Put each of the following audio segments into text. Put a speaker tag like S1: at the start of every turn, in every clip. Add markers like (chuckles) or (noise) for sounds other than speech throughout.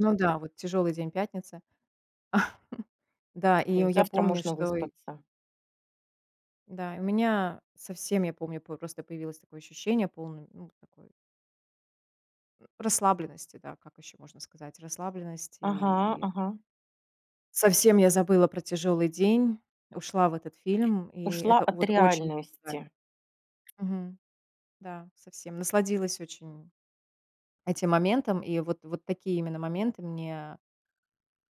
S1: Ну да, вот тяжёлый день, пятница. (chuckles) Да,
S2: То
S1: и э
S2: есть
S1: я
S2: завтра
S1: помню,
S2: можно
S1: что и
S2: выспаться.
S1: Да, и у меня совсем, я помню, п просто появилось такое ощущение, полное, ну, такое ну, расслабленности, да, как ещё можно сказать, расслабленности,
S2: Ага.
S1: и
S2: Ага.
S1: совсем я забыла про тяжёлый день, ушла в этот фильм, и
S2: Ушла
S1: это
S2: от
S1: вот очень помогает.
S2: реальности.
S1: Мгм. Да, совсем насладилась очень этим моментом, и вот вот такие именно моменты мне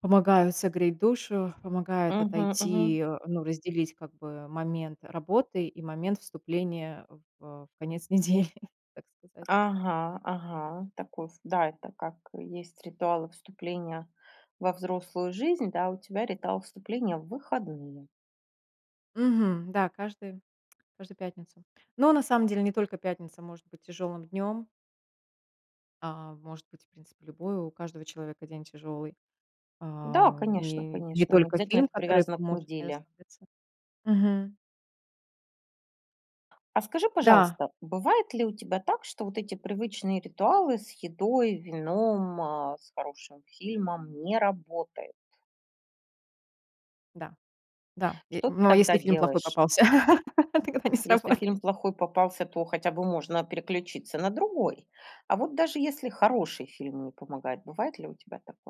S1: помогают согреть душу, помогают
S2: Мгм мгм.
S1: отойти, э, ну, разделить как бы момент работы и момент вступления в э конец недели, (chuckles) так сказать.
S2: Ага, ага. Такой в Да, это как есть ритуалы вступления во взрослую жизнь, да, у тебя ритуал вступления в выходные.
S1: Мгм. Да, каждую, каждую пятницу. Но на самом деле не только пятница может быть тяжёлым днём. А может быть, в принципе, любой, у каждого человека день тяжелый,
S2: Да,
S1: а
S2: конечно,
S1: и не
S2: конечно. Не
S1: только
S2: обязательно
S1: фильм,
S2: это
S1: который
S2: привязано к
S1: поможет мне
S2: неделе.
S1: расслабиться. Мгм.
S2: А скажи,
S1: Да.
S2: пожалуйста, бывает ли у тебя так, что вот эти привычные ритуалы с едой, вином, а с хорошим фильмом не работают?
S1: Да. Да, е
S2: Что ты
S1: ну, а если
S2: тогда
S1: фильм плохой
S2: делаешь?
S1: попался, тогда не
S2: Если фильм
S1: сработает.
S2: плохой попался, то хотя бы можно переключиться на другой. А вот, даже если хороший фильм не помогает, бывает ли у тебя такое?